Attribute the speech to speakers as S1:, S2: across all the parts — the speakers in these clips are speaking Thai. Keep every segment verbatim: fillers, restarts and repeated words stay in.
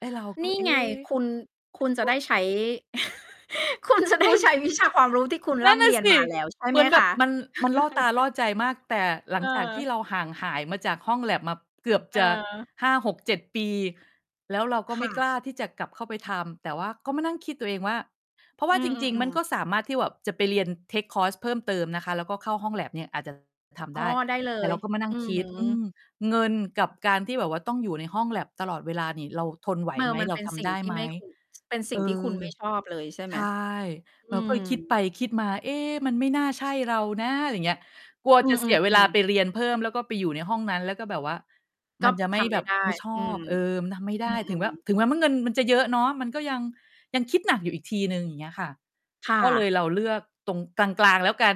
S1: ไอ้เราก็
S2: นี่
S1: เอ๊
S2: ไง คุณ คุณจะได้ใช้ คุณจะ
S1: ค
S2: ได้
S1: ุณ!
S2: ใช้วิชา ความรู้ที่คุณ
S1: นั
S2: ร
S1: ่
S2: ่
S1: นน
S2: ำ
S1: ่
S2: เ
S1: ะ
S2: รีย
S1: ส
S2: น
S1: ิ
S2: มาแล้วใช่
S1: เหม
S2: ไหม
S1: ือนแบ
S2: ค
S1: บ
S2: ะ?
S1: มัน มันล่อตาล่อใจมาก แต่หลั
S2: เ
S1: งจากที่
S2: ออ
S1: เราห่างหายมาจากห้องแล็บมาเกือบ
S2: เ
S1: จะ
S2: ออ
S1: ห้าหกเจ็ด ปี แล้วเราก็
S2: ค
S1: ไม
S2: ่
S1: ่กล
S2: ะ
S1: ้าที่จะกลับเข้าไปทำ แต่ว่าก็มานั่งคิดตัวเองว่า เพราะว่
S2: อ
S1: า
S2: ื
S1: จริง ๆ มัน
S2: อ ๆ
S1: ก็
S2: ๆ
S1: สามารถที่แบบจะไปเรียน เทกคอร์ส เพิ่มเติมนะคะ แล้วก็เข้าห้องแล็บเนี่ยอาจ จะ ท
S2: อ
S1: ำ
S2: ๋
S1: ไ
S2: อ
S1: ด้
S2: ได้เล
S1: แต่เร
S2: ย
S1: าก็มานั่
S2: อ
S1: ง
S2: ื
S1: คิด อื
S2: ม
S1: ม เงินกับการที่แบบว่าต้องอยู่ในห้องแล็บตลอดเวลานี่เราทนไหว
S2: เม
S1: ไ
S2: อ
S1: หม
S2: มัน
S1: เรา
S2: เป็น
S1: ท
S2: สิ
S1: ำ
S2: ่
S1: ไ
S2: ง
S1: ด้
S2: ที
S1: ไ
S2: ่
S1: หม
S2: ไม่ คุณ เป็นส
S1: เ
S2: ิ
S1: อ
S2: ่
S1: อ
S2: งที่คุณ ไม่ชอบเลยใช่ไ
S1: ใ
S2: หม?
S1: ช่
S2: อ
S1: เรา
S2: ื
S1: ก็เลยคิดไป
S2: ม
S1: คิดมา เอ๊ มัน ไม่น่าใช่เรานะ ไรเงี้ย กลัว
S2: อื
S1: จะเสียเวลา
S2: อ
S1: ไ
S2: ๆ ๆ
S1: ปเรียนเพิ่มแล้วก็ไปอยู่ในห้องนั้น แล้วก็แบบว่า
S2: ก
S1: ม
S2: ็
S1: ันจะไม
S2: ท
S1: ่
S2: ำไ
S1: แ
S2: ม
S1: บ
S2: ่
S1: บ
S2: ได้
S1: ไม่ช
S2: อื
S1: อ
S2: ม
S1: บ เออ มันทำไม่ไ
S2: อ
S1: ด
S2: ื
S1: ้ ถึงแ
S2: ม
S1: ม้
S2: ๆ
S1: ถึงแม้ว่าเงินมันจะเยอะเนาะ มันก็ยัง ยังคิดหนักอยู่อีกทีหนึ่ง อย่างเงี้ยค่ะ
S2: ค่
S1: ก็เล
S2: ะ
S1: ยเราเลือกตรงกลาง ๆ แล้วกัน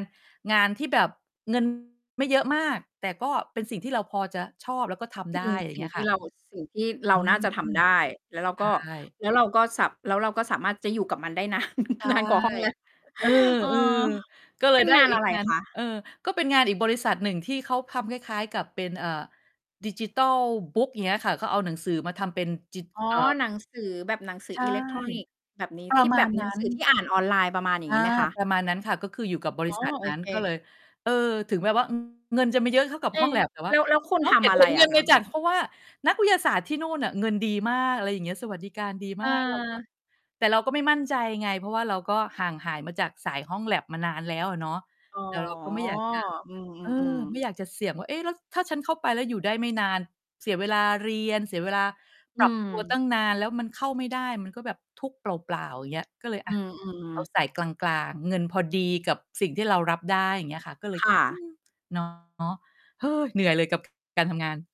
S1: งานที่แบบ เงิน ไม่เยอะมาก แต่ก็เป็นสิ่งที่เราพอจะชอบแล้วก็ท
S2: อื
S1: ำได
S2: ม
S1: ้ อย่
S2: ส
S1: า
S2: ิ
S1: ง
S2: ่
S1: เ
S2: ง
S1: งี้ย
S2: ที
S1: ค
S2: ่
S1: ่ะ
S2: เรา สิ่งที่เรา
S1: อื
S2: น่าจะท
S1: ม
S2: ำได้
S1: ไ
S2: แล้วเรา
S1: ด
S2: ก็
S1: ้
S2: แล้วเราก็สา แล้วเราก็สามารถจะอยู่กับมันได้นาน
S1: ใช่
S2: นาน กว่าห้องแลป
S1: เออ
S2: เออ
S1: ๆ ก็เล
S2: เป
S1: ย
S2: ็น
S1: ได้
S2: งาน
S1: อี
S2: อ
S1: ก
S2: ะไร
S1: งาน
S2: คะ?
S1: เออ ก็เป็นงานอีกบริษัทหนึ่งที่เขาทำคล้าย ๆ กับเป็น เอ่อ ดิจิทัลบุ๊ก อย่างเงี้ยค่ะ เขาเอาหนังสือมาทำเป็นจิ
S2: อ๋อ
S1: เอ่อ
S2: หนังสือแบบหนังสือ
S1: ใช่
S2: อิเล็กทรอนิกส์แบบนี้
S1: ปร
S2: ท
S1: ะ
S2: ี่
S1: ม
S2: แ
S1: า
S2: บ
S1: ณ
S2: บห
S1: น
S2: น
S1: ั
S2: ั
S1: ้
S2: งสือท
S1: น
S2: ี่อ่านออนไลน์ ประมาณอย่
S1: อ
S2: าง
S1: า
S2: นี้ไหมคะ?
S1: ประมาณนั้นค่ะ ก็คืออยู่กับบ
S2: อ๋
S1: ริ
S2: อ
S1: ษัท
S2: โอ
S1: นั้น
S2: เ
S1: ก็เล
S2: ค
S1: ย เออ ถึงแม้ว่า อืม เงินจะไม่เยอะเท่ากับ
S2: เอ
S1: ห้องแล็บ แต่ว่
S2: แ
S1: า
S2: ล้ว แล้วคุณ
S1: เนาะ
S2: ท
S1: เห็
S2: ำ
S1: น
S2: อะ
S1: เ
S2: ไร
S1: ห็นเง
S2: อ
S1: ิ
S2: ะ
S1: น
S2: ค
S1: เล
S2: ะ?
S1: ยจ้ะ เพราะว่านักวิทยาศาสตร์ที่นู่นน่ะเงินดีมาก อะไรอย่างเงี้ย สวัสดิการดีมาก เราก็
S2: เออ
S1: แต่เราก็ไม่มั่นใจไง เพราะว่าเราก็ห่างหายมาจากสายห้องแล็บมานานแล้วอะเนาะ
S2: อ๋อ
S1: แต่เราก็ไม่อยาก จะ
S2: อื
S1: เออ
S2: อ
S1: ไม
S2: ๆ
S1: ่
S2: ๆ
S1: อยากจะเสี่ยงว่า เอ๊ะ แล้วถ้าฉันเข้าไปแล้วอยู่ได้ไม่นาน เสียเวลาเรียน เสียเวลาป
S2: อื
S1: รับตัวตั
S2: ม
S1: ้งนาน แล้วมันเข้าไม่ได้ มันก็แบบทุกข์เปล่า ๆ อย่างเงี้ย ก็เลย
S2: อ
S1: อ
S2: ื
S1: ะ เอ
S2: อ
S1: า
S2: ๆ
S1: สายกลาง ๆ เงินพอดีกับสิ่งที่เรารับได้ อย่างเงี้ยค่ะ ก็เลย
S2: ค่
S1: อื
S2: ะ
S1: ม เนาะ เหนื่อยเลยกับ การทำงาน